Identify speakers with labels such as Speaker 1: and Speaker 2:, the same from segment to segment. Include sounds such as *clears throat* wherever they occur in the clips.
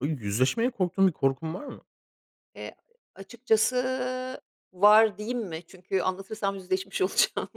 Speaker 1: Böyle yüzleşmeye korktuğun bir korkun var mı?
Speaker 2: Eee, a açıkçası var diyeyim mi? Çünkü anlatırsam yüzleşmiş olacağım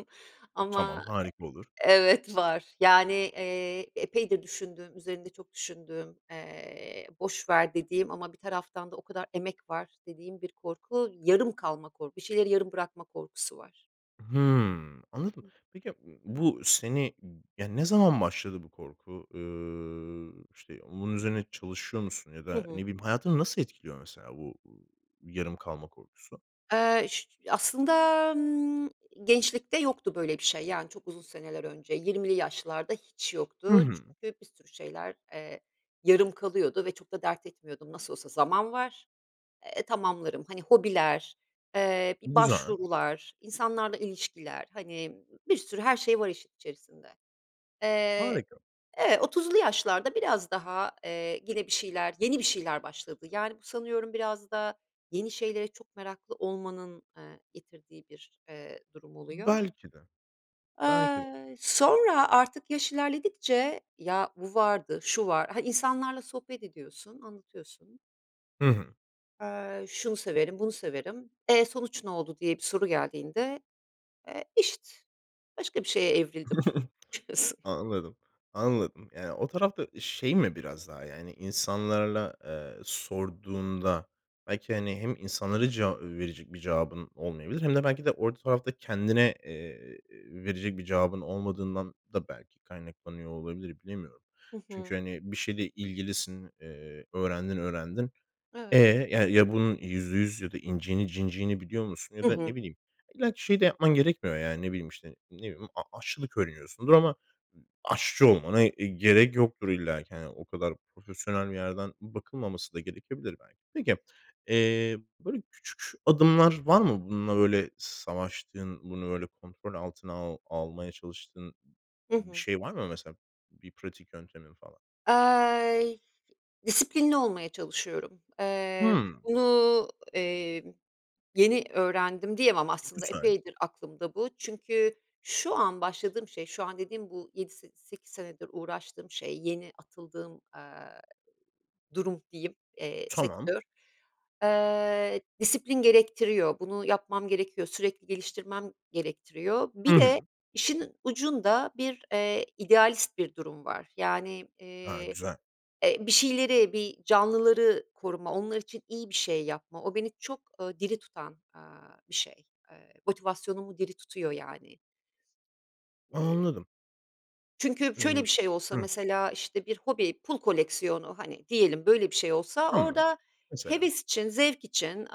Speaker 1: Tamam,
Speaker 2: ama,
Speaker 1: harika olur.
Speaker 2: eee, evet var. Yani, eee, epeydir düşündüğüm, üzerinde çok düşündüğüm, eee, boş ver dediğim ama bir taraftan da o kadar emek var dediğim bir korku, yarım kalma kor bir şeyleri yarım bırakma korkusu var.
Speaker 1: Hımm, anladım.
Speaker 2: *unintelligible*
Speaker 1: Peki, ya, b bu seni, yani ne zaman başladı bu korku? Iıı, işte, onun üzerine çalışıyor musun ya
Speaker 2: Hı
Speaker 1: da, ne
Speaker 2: hı.
Speaker 1: bileyim, hayatını nasıl etkiliyor mesela bu, ııı, yarım kalma korkusu?
Speaker 2: Eee, *unintelligible* aslında, ımm, gençlikte yoktu böyle bir şey, yani çok uzun seneler önce 20'li yaşlarda hiç
Speaker 1: Hı
Speaker 2: yoktu.
Speaker 1: hı.
Speaker 2: Çünkü bir sürü şeyler, eee, yarım kalıyordu ve çok da dert etmiyordum. Nasıl olsa zaman var. Eee, tamamlarım. Hani hobiler, eee, bir
Speaker 1: Güzel.
Speaker 2: başvurular, insanlarla ilişkiler, hani, bir sürü her şey var işin içerisinde. Eee,
Speaker 1: Harika.
Speaker 2: e 30'lu yaşlarda biraz daha, eee, gene bir şeyler, yeni bir şeyler başladı. Yani bu sanıyorum biraz da yeni şeylere çok meraklı olmanın, ııı, getirdiği bir, eee, durum oluyor.
Speaker 1: Belki de, belki de.
Speaker 2: Iıı, sonra artık yaş ilerledikçe ya bu vardı, şu var, ha, insanlarla sohbet ediyorsun, anlatıyorsun
Speaker 1: Hı hı.
Speaker 2: Eee, şunu severim, bunu severim. E, sonuç ne oldu diye bir soru geldiğinde. Eee, işte. Başka bir şeye evrildim
Speaker 1: *chuckles*
Speaker 2: diyorsun.
Speaker 1: Anladım. Anladım. Yani, o tarafta, eee, şey mi biraz daha, yani, insanlarla, eee, sorduğunda belki, hani, hem insanlara ceva verecek bir cevabın olmayabilir hem de belki de o tarafta kendine, eee, verecek bir cevabın olmadığından da belki kaynaklanıyor olabilir, bilemiyorum.
Speaker 2: Hı hı.
Speaker 1: Çünkü, hani, bir şeyde ilgilisin, eee, öğrendin, öğrendin. E,
Speaker 2: Evet.
Speaker 1: ya ya, bunun %100 ya da inciğini cinciğini biliyor musun ya
Speaker 2: Hı
Speaker 1: da
Speaker 2: hı.
Speaker 1: ne bileyim, illaki şeyi de yapman gerekmiyor, yani, ne bileyim, işte, ne bileyim, a aşçılık öğreniyorsundur ama, ııı, aşçı olmana, eee, gerek yoktur illaki, hani, o kadar profesyonel bir yerden bakılmaması da gerekebilir belki. Peki, eee, böyle, küçük adımlar var mı, bununla, böyle, savaştığın, bunu, böyle, kontrol altına al almaya çalıştığın,
Speaker 2: Hı
Speaker 1: bir
Speaker 2: hı.
Speaker 1: şey var mı mesela, bir pratik yöntemin falan?
Speaker 2: Aaa, disiplinli olmaya çalışıyorum. Eee,
Speaker 1: Hımm.
Speaker 2: bunu, emm, yeni öğrendim diyemem, aslında
Speaker 1: Güzel.
Speaker 2: epeydir aklımda bu. Çünkü şu an başladığım şey, şu an dediğim bu yedi se sekiz senedir uğraştığım şey, yeni atıldığım, aaa, durum diyeyim, eee,
Speaker 1: Tamam.
Speaker 2: sektör. Eee, disiplin gerektiriyor. Bunu yapmam gerekiyor, sürekli geliştirmem gerektiriyor.
Speaker 1: Hı
Speaker 2: Bir
Speaker 1: hı.
Speaker 2: de işin ucunda bir, eee, idealist bir durum var. Yani,
Speaker 1: A!
Speaker 2: eee,
Speaker 1: Güzel.
Speaker 2: e, bir şeyleri, bir canlıları koruma, onlar için iyi bir şey yapma, o beni çok, ııı, diri tutan, aaa, bir şey, eee, motivasyonumu diri tutuyor yani. Eee
Speaker 1: Anladım.
Speaker 2: Çünkü şöyle
Speaker 1: Iıı.
Speaker 2: bir şey olsa
Speaker 1: Hıh.
Speaker 2: mesela işte bir hobi, pul koleksiyonu, hani, diyelim. Böyle bir şey olsa
Speaker 1: Tamam.
Speaker 2: orada
Speaker 1: Mesela.
Speaker 2: heves için, zevk için, eee,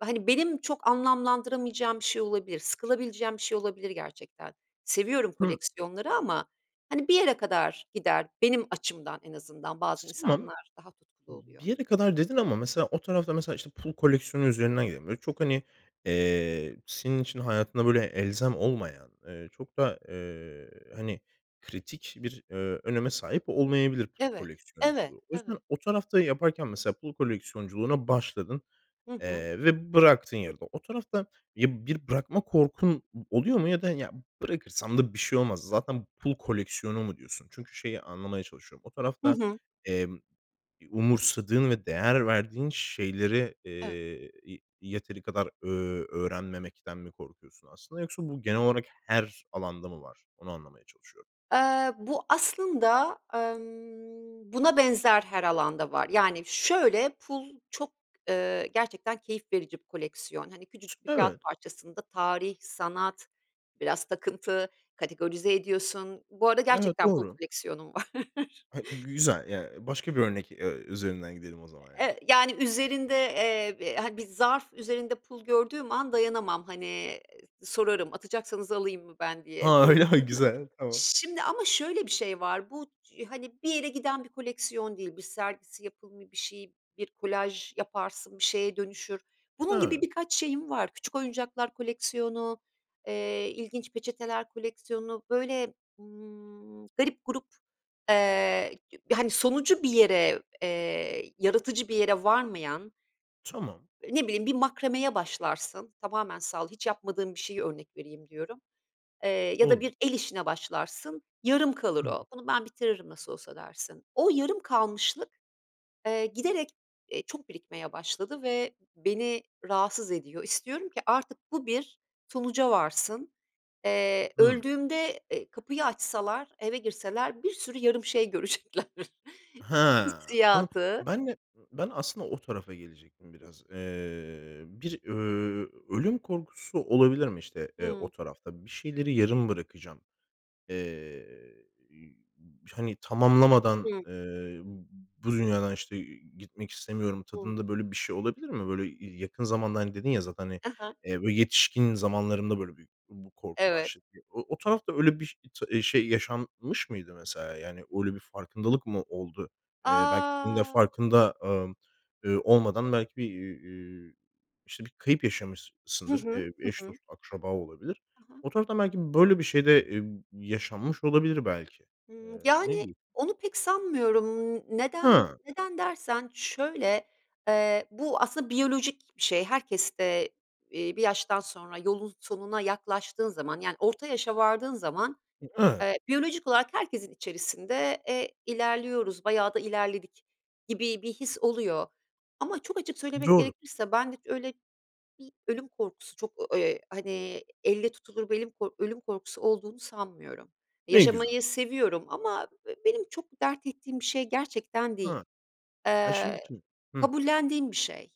Speaker 2: hani benim çok anlamlandıramayacağım bir şey olabilir, sıkılabileceğim bir şey olabilir gerçekten. Seviyorum
Speaker 1: Hıh.
Speaker 2: koleksiyonları ama hani bir yere kadar gider benim açımdan en azından.
Speaker 1: T
Speaker 2: Bazı
Speaker 1: tamam.
Speaker 2: insanlar daha tutkulu
Speaker 1: B bir
Speaker 2: oluyor.
Speaker 1: yere kadar dedin ama mesela, o tarafta mesela işte pul koleksiyonu üzerinden gidelim. Böyle çok hani, eee, senin için hayatında böyle elzem olmayan, eee, çok da, eee, hani kritik bir, eee, öneme sahip olmayabilir pul
Speaker 2: Evet, evet,
Speaker 1: koleksiyonculuğu. O yüzden
Speaker 2: evet.
Speaker 1: o tarafta yaparken mesela pul koleksiyonculuğuna başladın,
Speaker 2: Hı hı.
Speaker 1: eee, ve bıraktın yarıda. O tarafta ya bir bırakma korkun o oluyor mu ya da ya bırakırsam da bir şey olmaz. Zaten pul koleksiyonu mu diyorsun? Çünkü şeyi anlamaya çalışıyorum. O
Speaker 2: Hı
Speaker 1: tarafta,
Speaker 2: hı.
Speaker 1: emm, eee, umursadığın ve değer verdiğin şeyleri, eee,
Speaker 2: Evet.
Speaker 1: ye yeteri kadar, ööö, öğrenmemekten mi korkuyorsun aslında? Yoksa bu genel olarak her alanda mı var? Onu anlamaya çalışıyorum.
Speaker 2: Eee, bu aslında, emm, buna benzer her alanda var. Yani şöyle, pul çok, eee, gerçekten keyif verici bir koleksiyon. Hani
Speaker 1: T
Speaker 2: küçücük bir
Speaker 1: evet.
Speaker 2: kâğıt parçasında tarih, sanat, biraz takıntı, kategorize ediyorsun. Bu arada
Speaker 1: Evet,
Speaker 2: gerçekten pul
Speaker 1: doğru.
Speaker 2: koleksiyonum var.
Speaker 1: He,
Speaker 2: *chuckles*
Speaker 1: güzel. Yani başka bir örnek, eee, üzerinden gidelim o zaman yani.
Speaker 2: Eee, yani üzerinde, eee, b hani bir zarf üzerinde pul gördüğüm an dayanamam. Hani, sorarım. Atacaksanız alayım mı ben diye.
Speaker 1: A,
Speaker 2: Bu
Speaker 1: öyle ha Güzel.
Speaker 2: *chuckles*
Speaker 1: Tamam.
Speaker 2: şimdi ama şöyle bir şey var, bu hani bir yere giden bir koleksiyon değil, bir sergisi, yapımı, bir şey, bir kolaj yaparsın, bir şeye dönüşür. Bunun gibi
Speaker 1: Evet.
Speaker 2: birkaç şeyim var, küçük oyuncaklar koleksiyonu, eee, ilginç peçeteler koleksiyonu. Böyle, ımm, garip gurup, eee, hani sonucu bir yere, eee, yaratıcı bir yere varmayan
Speaker 1: Tamam.
Speaker 2: ne bileyim, bir makromeye başlarsın, tamamen sal hiç yapmadığım bir şeyi örnek vereyim diyorum. Eee, ya da
Speaker 1: Olur.
Speaker 2: bir el işine başlarsın, yarım kalır
Speaker 1: Hı hı.
Speaker 2: o. Bunu ben bitiririm nasıl olsa dersin. O yarım kalmışlık, eee, giderek, eee, çok birikmeye başladı ve beni rahatsız ediyor. İstiyorum ki artık bu bir sonuca varsın. Eee,
Speaker 1: Hı.
Speaker 2: öldüğümde, eee, kapıyı açsalar, eve girseler bir sürü yarım şey görecekler
Speaker 1: Ha. Anla
Speaker 2: hissiyatı.
Speaker 1: Ben de. Ben aslında o tarafa gelecektim biraz. Eee, bir, ööö, ölüm korkusu olabilir mi işte, eee, o
Speaker 2: Hı.
Speaker 1: tarafta? Bir şeyleri yarım bırakacağım. Eee, ü u hani tamamlamadan,
Speaker 2: Hı.
Speaker 1: eee, b bu dünyadan işte, eee, gitmek istemiyorum
Speaker 2: Hı.
Speaker 1: tadında böyle bir şey olabilir mi? Böyle ya yakın zamanda hani dedin ya zaten hani,
Speaker 2: Hı hı.
Speaker 1: eee, bu yetişkin zamanlarında böyle bü bu korku
Speaker 2: Evet.
Speaker 1: başladı. O o tarafta öyle biş t eee, şey yaşanmış mıydı mesela? Yani öyle bir farkındalık mı oldu? Eee, belki senin de
Speaker 2: A.
Speaker 1: farkında, ımm, ııı, olmadan belki, bir, iii, iii, işte bir kayıp
Speaker 2: Hı
Speaker 1: yaşamışsındır.
Speaker 2: hı.
Speaker 1: Eee,
Speaker 2: Hı
Speaker 1: eş,
Speaker 2: hı.
Speaker 1: dost, akraba olabilir.
Speaker 2: He he.
Speaker 1: O taraftan belki böyle bir şey de, eee, yaşanmış olabilir belki. Eee,
Speaker 2: Hıı.
Speaker 1: ne
Speaker 2: Yani,
Speaker 1: diyor
Speaker 2: onu pek sanmıyorum. Imm, neden
Speaker 1: Hı.
Speaker 2: neden dersen şöyle: Eee, bu aslında biyolojik bir şey, herkeste, iii, bir yaştan sonra yolun sonuna yaklaştığın zaman, yani orta yaşa vardığın zaman,
Speaker 1: Hı, evet.
Speaker 2: eee, biyolojik olarak herkesin içerisinde, eee, ilerliyoruz, bayağı da ilerledik gibi bir his oluyor. Ama çok açık söylemek
Speaker 1: Doğru.
Speaker 2: gerekirse bende hiç öyle bir ölüm korkusu, çok, eee, hani elle tutulur belli bir kork ölüm korkusu olduğunu sanmıyorum.
Speaker 1: Ne güzel.
Speaker 2: Yaşamayı seviyorum ama b benim çok dert ettiğim bir şey gerçekten
Speaker 1: Ha.
Speaker 2: değil,
Speaker 1: Ya şey
Speaker 2: eee,
Speaker 1: için Hıh.
Speaker 2: kabullendiğim bir şey.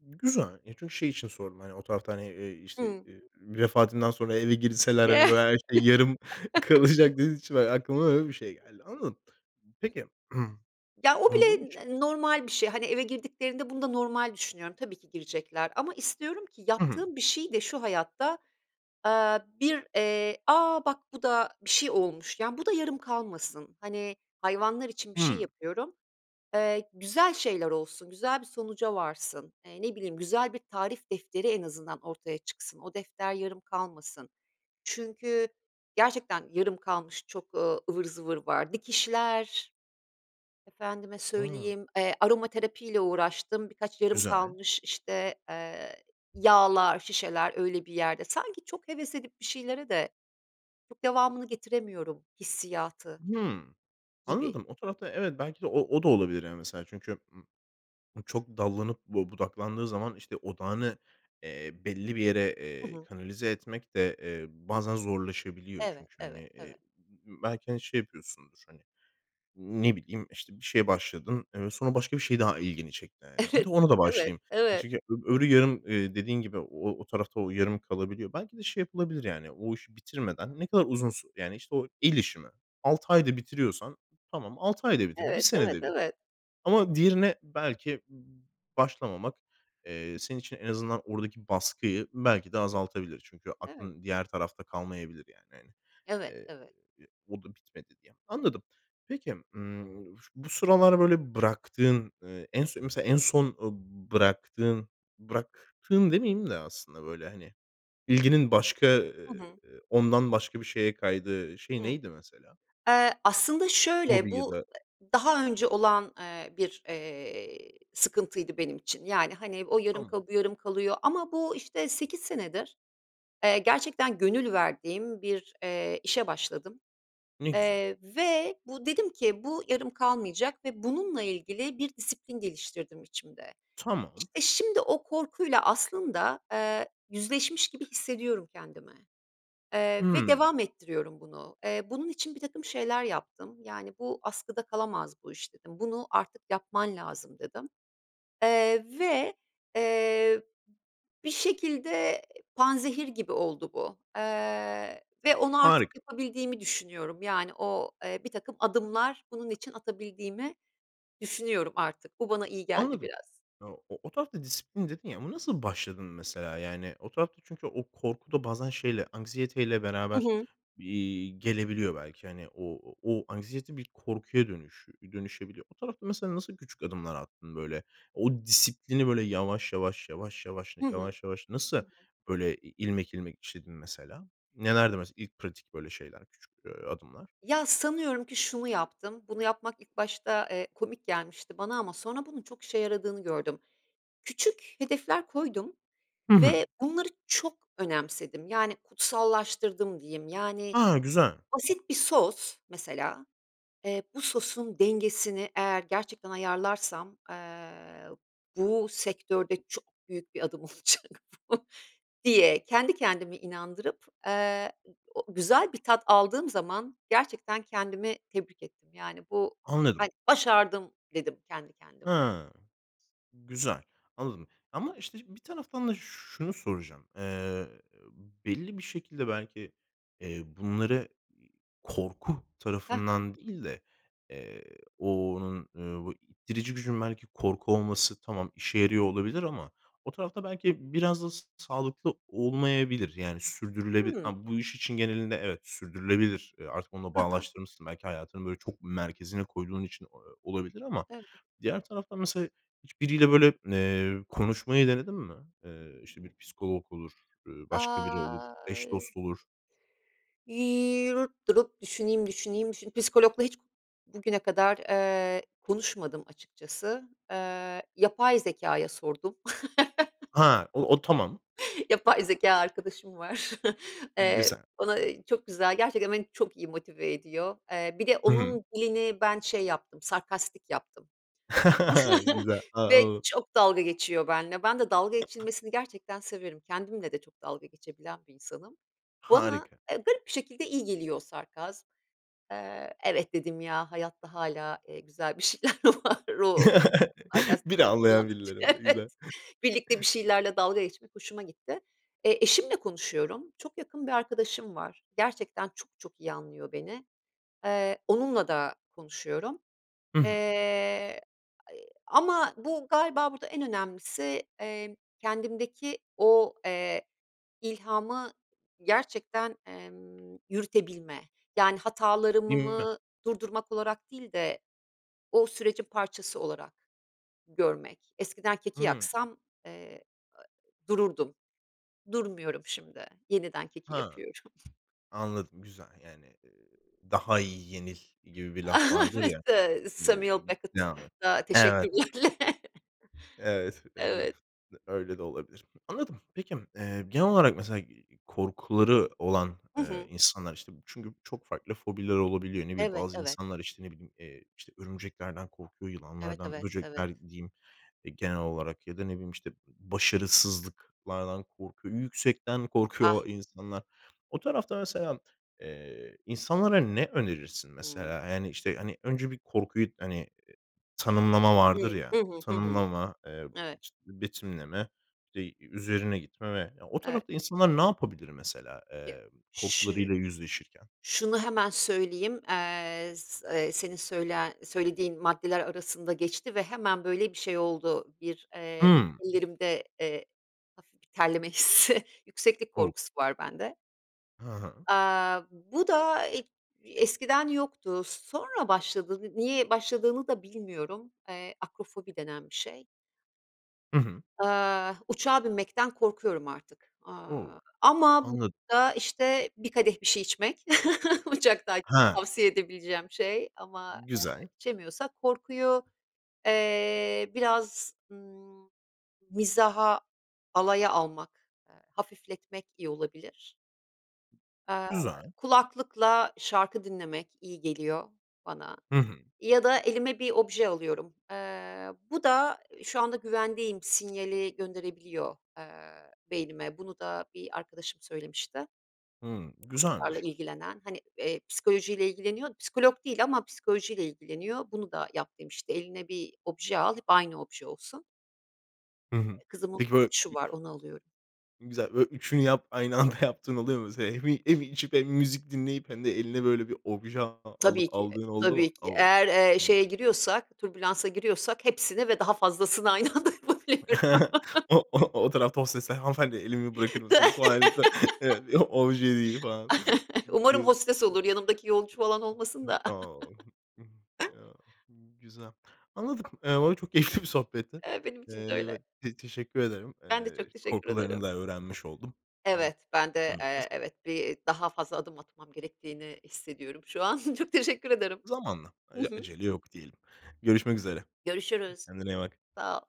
Speaker 1: Güzel, e, çünkü şey için sordum, hani, o tarafta, hani, eee, işte,
Speaker 2: Hıı.
Speaker 1: eee, vefatından sonra eve girseler, hani, böyle her şey yarım
Speaker 2: *chuckles*
Speaker 1: kalacak dediğiniz için, eee, aklıma öyle bir şey geldi. Anladım. Peki,
Speaker 2: Ya,
Speaker 1: *clears throat*
Speaker 2: o bile
Speaker 1: bunun için
Speaker 2: n normal bir şey, hani, eve girdiklerinde bunu da normal düşünüyorum. Tabii ki girecekler ama istiyorum ki
Speaker 1: Hı hı.
Speaker 2: yaptığım bir şeyi de şu hayatta, aaa, bir, eee, "A, bak bu da bir şey olmuş." yani, bu da yarım kalmasın, hani, hayvanlar için bir şey
Speaker 1: Hımm.
Speaker 2: yapıyorum, eee, güzel şeyler olsun, güzel bir sonuca varsın. Eee, ne bileyim, güzel bir tarif defteri en azından ortaya çıksın. O defter yarım kalmasın çünkü gerçekten yarım kalmış çok, ııı, ıvır zıvır var. Dikişler, efendime
Speaker 1: A!
Speaker 2: söyleyeyim, eee, aromaterapiyle uğraştım, birkaç yarım
Speaker 1: Güzel.
Speaker 2: kalmış, işte, eee, yağlar, şişeler öyle bir yerde sanki çok heves edip bir şeylere de çok devamını getiremiyorum hissiyatı
Speaker 1: Hımm.
Speaker 2: gibi.
Speaker 1: Anladım. O tarafta evet belki de o o da olabilir, yani mesela çünkü m çok dallanıp bu budaklandığı zaman, işte, odağını, eee, belli bir yere,
Speaker 2: Hı
Speaker 1: eee,
Speaker 2: hı.
Speaker 1: kanalize etmek de, eee, bazen zorlaşabiliyor.
Speaker 2: Evet,
Speaker 1: Çünkü, hani,
Speaker 2: evet,
Speaker 1: eee,
Speaker 2: evet.
Speaker 1: b b belki, hani, şey yapıyorsundur, hani, ne bileyim, işte, bir şeye başladın, eee, sonra başka bir şey daha ilgini çekti, hani. Hadi
Speaker 2: Evet,
Speaker 1: ona da
Speaker 2: evet,
Speaker 1: başlayayım. E,
Speaker 2: evet.
Speaker 1: çünkü ö öbürü yarım, eee, dediğin gibi o o o tarafta o yarım kalabiliyor. Belki de şey yapılabilir, yani o işi bitirmeden ne kadar uzun su yani, işte, o el işi mi, 6 ayda bitiriyorsan tamam, 6 ayda bitir, 1
Speaker 2: Evet, evet,
Speaker 1: senede bitir
Speaker 2: evet.
Speaker 1: ama diğerine belki b b başlamamak, eee, senin için en azından oradaki baskıyı belki de azaltabilir. Çünkü
Speaker 2: Evet.
Speaker 1: aklın diğer tarafta kalmayabilir, yani, hani,
Speaker 2: Evet,
Speaker 1: eee,
Speaker 2: evet.
Speaker 1: o da bitmedi diye. Anladım. Peki, ımm, ş bu sıralar böyle bıraktığın, eee, en son mesela en son, ııı, b bıraktığın bıraktığın demeyeyim de aslında böyle, hani, bilginin başka,
Speaker 2: Hı
Speaker 1: eee,
Speaker 2: hı.
Speaker 1: ondan başka bir şeye kaydığı şey
Speaker 2: Hıı.
Speaker 1: neydi mesela?
Speaker 2: Eee, aslında şöyle,
Speaker 1: Hobi ya
Speaker 2: bu,
Speaker 1: da
Speaker 2: daha önce olan, eee, bir, eee, sıkıntıydı benim için. Yani, hani, o yarım
Speaker 1: Tamam.
Speaker 2: kalıyor, bu yarım kalıyor ama bu, işte, 8 senedir, eee, gerçekten gönül verdiğim bir, eee, işe başladım,
Speaker 1: Ne güzel.
Speaker 2: eee, ve bu, dedim ki, "Bu yarım kalmayacak." ve bununla ilgili bir disiplin geliştirdim içimde.
Speaker 1: Tamam.
Speaker 2: İşte, şimdi o korkuyla aslında, eee, yüzleşmiş gibi hissediyorum kendimi, eee, ve
Speaker 1: Hımm.
Speaker 2: devam ettiriyorum bunu. Eee, bunun için birtakım şeyler yaptım. Yani, "Bu askıda kalamaz bu iş." dedim. "Bunu artık yapman lazım." dedim, eee, ve, eee, bir şekilde panzehir gibi oldu bu, eee, ve onu artık
Speaker 1: Harika.
Speaker 2: yapabildiğimi düşünüyorum. Yani, o, eee, birtakım adımlar bunun için atabildiğimi düşünüyorum artık. Bu bana iyi geldi
Speaker 1: Anladım.
Speaker 2: biraz.
Speaker 1: E, o o tarafta disiplin dedin ya, ona nasıl başladın mesela, yani? O tarafta çünkü o korku da bazen şeyle, anksiyeteyle
Speaker 2: Hı
Speaker 1: beraber,
Speaker 2: hı.
Speaker 1: eee, gelebiliyor belki. Hani o o o anksiyete bir korkuya dönüş dönüşebiliyor. O tarafta mesela nasıl küçük adımlar attın böyle? O disiplini böyle yavaş yavaş, yavaş yavaş,
Speaker 2: Hı hı.
Speaker 1: yavaş yavaş
Speaker 2: Hı
Speaker 1: nasıl
Speaker 2: hı.
Speaker 1: böyle i ilmek ilmek işledin mesela? Nelerdi mesela ilk pratik böyle şeyler küçük, eee, adımlar?
Speaker 2: Ya, sanıyorum ki şunu yaptım. Bunu yapmak ilk başta, eee, komik gelmişti bana ama sonra bunun çok işe yaradığını gördüm. Küçük hedefler koydum
Speaker 1: Hı hı.
Speaker 2: ve bunları çok önemsedim. Yani, kutsallaştırdım diyeyim. Yani,
Speaker 1: A, güzel.
Speaker 2: basit bir sos, mesela, eee, bu sosun dengesini eğer gerçekten ayarlarsam, eee, bu sektörde çok büyük bir adım olacak bu diye kendi kendimi inandırıp, eee, ı o güzel bir tat aldığım zaman gerçekten kendimi tebrik ettim, yani, bu,
Speaker 1: Anladım.
Speaker 2: hani, "Başardım." dedim kendi kendime.
Speaker 1: Hıı. Güzel, anladım. Ama işte bir taraftan da şunu soracağım. Eee, belli bir şekilde belki, eee, bunları i korku
Speaker 2: Hı hı.
Speaker 1: tarafından değil de, eee, o onun, ııı, ittirici gücün belki korku olması tamam işe yarıyor olabilir ama o tarafta belki biraz da s sağlıklı olmayabilir. Yani sürdürülebilir
Speaker 2: Hımm.
Speaker 1: ama bu iş için genelinde evet sürdürülebilir. Eee, artık onunla
Speaker 2: Hı hı.
Speaker 1: bağlaştırmışsın belki hayatını böyle çok merkezine koyduğun için o o olabilir ama
Speaker 2: Evet.
Speaker 1: diğer tarafta mesela hiçbiriyle böyle, eee, konuşmayı denedin mi? Eee, işte, bir psikolog olur, ııı, başka biri olur, eş
Speaker 2: Ay
Speaker 1: dost olur.
Speaker 2: *unintelligible* Durup düşüneyim, düşüneyim, düşün Psikologla hiç bugüne kadar, eee, konuşmadım açıkçası. Eee, yapay zekâya sordum.
Speaker 1: Ha, o o tamam.
Speaker 2: *chuckles* Yapay zekâ arkadaşım var. *chuckles* Eee,
Speaker 1: Güzel.
Speaker 2: ona, ııı, çok güzel gerçekten beni çok iyi motive ediyor. Eee, bir de
Speaker 1: Hı hı.
Speaker 2: onun dilini ben şey yaptım, sarkastik yaptım
Speaker 1: *chuckles* Ay,
Speaker 2: *chuckles*
Speaker 1: güzel. Tamam,
Speaker 2: ve
Speaker 1: anladım.
Speaker 2: çok dalga geçiyor benle. Ben de dalga geçilmesini gerçekten severim. Kendimle de çok dalga geçebilen bir insanım. Bana,
Speaker 1: Harika.
Speaker 2: eee, garip bir şekilde iyi geliyor o sarkas Eee, "Evet." dedim ya, "Hayatta hâlâ, eee, güzel bir şeyler var." O
Speaker 1: *chuckles*
Speaker 2: sarkastik
Speaker 1: Beni
Speaker 2: dili
Speaker 1: anlayan
Speaker 2: kullandıkça,
Speaker 1: birileri var,
Speaker 2: "Evet,"
Speaker 1: güzel.
Speaker 2: birlikte bir şeylerle dalga geçmek hoşuma gitti. Eee, eşimle konuşuyorum, çok yakın bir arkadaşım var. Gerçekten çok çok iyi anlıyor beni. Eee, onunla da konuşuyorum.
Speaker 1: Hı hı.
Speaker 2: Eee, ama bu galiba burada en önemlisi, emm, kendimdeki o, eee, ilhamı gerçekten, emm, yürütebilme, yani,
Speaker 1: *unintelligible*
Speaker 2: hatalarımımı durdurmak olarak değil de o sürecin parçası olarak görmek. Eskiden keki
Speaker 1: Hıı.
Speaker 2: yaksam, eee, dururdum. Durmuyorum şimdi, yeniden keki
Speaker 1: Ha.
Speaker 2: yapıyorum.
Speaker 1: Anladım, güzel, yani, eee, "Daha iyi yenil." gibi bir laf
Speaker 2: Ah,
Speaker 1: vardır
Speaker 2: evet,
Speaker 1: ya,
Speaker 2: eee,
Speaker 1: eee,
Speaker 2: Samuel
Speaker 1: devam et.
Speaker 2: Beckett'a
Speaker 1: Evet.
Speaker 2: teşekkürlerle.
Speaker 1: Evet, en azından
Speaker 2: Evet.
Speaker 1: öyle de olabilir. Anladım. Peki, eee, genel olarak mesela i korkuları olan,
Speaker 2: Hı
Speaker 1: eee,
Speaker 2: hı.
Speaker 1: insanlar, işte, çünkü çok farklı fobiler olabiliyor. Ne bileyim,
Speaker 2: Evet,
Speaker 1: bazı
Speaker 2: evet.
Speaker 1: insanlar, işte, ne bileyim, eee, işte, örümceklerden korkuyor,
Speaker 2: Evet,
Speaker 1: yılanlardan,
Speaker 2: evet, evet.
Speaker 1: böcekler diyeyim, eee, genel olarak ya da, ne bileyim, işte, b başarısızlıklardan korkuyor. Yüksekten korkuyor
Speaker 2: Ah.
Speaker 1: o insanlar. O tarafta mesela, eee, insanlara ne önerirsin,
Speaker 2: Hımm.
Speaker 1: mesela? Eee, yani, işte, hani, önce bir korkuyu, hani, eee, tanımlama vardır
Speaker 2: Hıı. Hı
Speaker 1: ya
Speaker 2: hı. Hı hı.
Speaker 1: tanımlama, eee,
Speaker 2: Evet.
Speaker 1: işte, betimleme, bir de üzerine gitme ve o
Speaker 2: Evet.
Speaker 1: tarafta insanlar ne yapabilir mesela, eee,
Speaker 2: Şı
Speaker 1: korkularıyla yüzleşirken?
Speaker 2: şunu hemen söyleyeyim. Eee, s eee senin söyle söylediğin maddeler arasında geçti ve hemen, böyle, bir şey oldu bir, eee,
Speaker 1: Hımm.
Speaker 2: ellerimde, eee, hafif bir terleme hissi yükseklik
Speaker 1: O!
Speaker 2: korkusu var bende.
Speaker 1: Hı hı.
Speaker 2: Aaa, bu da ig eskiden yoktu. Sonra başladı ni niye başladığını da bilmiyorum. Eee, akrofobi denen bir şey.
Speaker 1: Hı hı.
Speaker 2: Aaa, uçağa binmekten korkuyorum artık,
Speaker 1: O,
Speaker 2: aaa, ama
Speaker 1: anladım.
Speaker 2: burada işte bir kadeh bir şey içmek, *chuckles* uçaktayken
Speaker 1: He.
Speaker 2: tavsiye edebileceğim şey ama, eee,
Speaker 1: Güzel.
Speaker 2: içemiyorsak korkuyu, eee, biraz, ımm, mizaha, alaya almak, ııı, hafifletmek iyi olabilir. Aaa,
Speaker 1: Güzel.
Speaker 2: kulaklıkla şarkı dinlemek iyi geliyor bana
Speaker 1: Hı hı.
Speaker 2: ya da elime bir obje alıyorum. Iıı, bu da şu anda güvendeyim sinyali gönderebiliyor, eee, beynime. Bunu da bir arkadaşım söylemişti.
Speaker 1: Hı,
Speaker 2: Bu konularla
Speaker 1: güzelmiş.
Speaker 2: ilgilenen hani, eee, psikolojiyle ilgileniyor, psikolog değil ama psikolojiyle ilgileniyor. Bunu da yap demişti. Eline bir obje al, hep aynı obje olsun.
Speaker 1: Hı hı,
Speaker 2: Eee, kızımın
Speaker 1: peki böyle,
Speaker 2: *unintelligible* var, onu alıyorum.
Speaker 1: ü güzel, böyle üçünü yap aynı anda yaptığın oluyor mu? Se hem, iii, hem içip, hem müzik dinleyip, hem de eline böyle bir obje al alıp
Speaker 2: Tabii ki,
Speaker 1: aldığın oldu mu?
Speaker 2: tabii ki
Speaker 1: O,
Speaker 2: eğer, eee,
Speaker 1: tamam.
Speaker 2: şeye giriyorsak türbülansa giriyorsak hepsini ve daha fazlasını aynı anda yapabiliyorum.
Speaker 1: *chuckles*
Speaker 2: *chuckles*
Speaker 1: O o o tarafta hostesler "Hanımefendi elimi bırakır
Speaker 2: *chuckles*
Speaker 1: mısınız?" Falan. *unintelligible* Obje değil falan.
Speaker 2: *chuckles* Umarım
Speaker 1: *unintelligible*
Speaker 2: hostes olur, yanımdaki yolcu falan olmasın da.
Speaker 1: O.
Speaker 2: *chuckles*
Speaker 1: Güzel, anladım, eee, vallahi çok keyifli bir sohbetti.
Speaker 2: Eee, benim
Speaker 1: Iıı,
Speaker 2: için de öyle.
Speaker 1: evet, te teşekkür ederim.
Speaker 2: Ben de
Speaker 1: Iıı,
Speaker 2: çok teşekkür
Speaker 1: korkularını
Speaker 2: ederim.
Speaker 1: da öğrenmiş oldum.
Speaker 2: Evet, ben de,
Speaker 1: *unintelligible*
Speaker 2: eee, evet bir, iii, daha fazla adım atmam gerektiğini hissediyorum şu an. *chuckles* Çok teşekkür ederim.
Speaker 1: Zamanla,
Speaker 2: Hı
Speaker 1: aaa,
Speaker 2: hı.
Speaker 1: acele yok diyelim. Görüşmek üzere.
Speaker 2: Görüşürüz,
Speaker 1: Kendine iyi bak.
Speaker 2: sağ ol.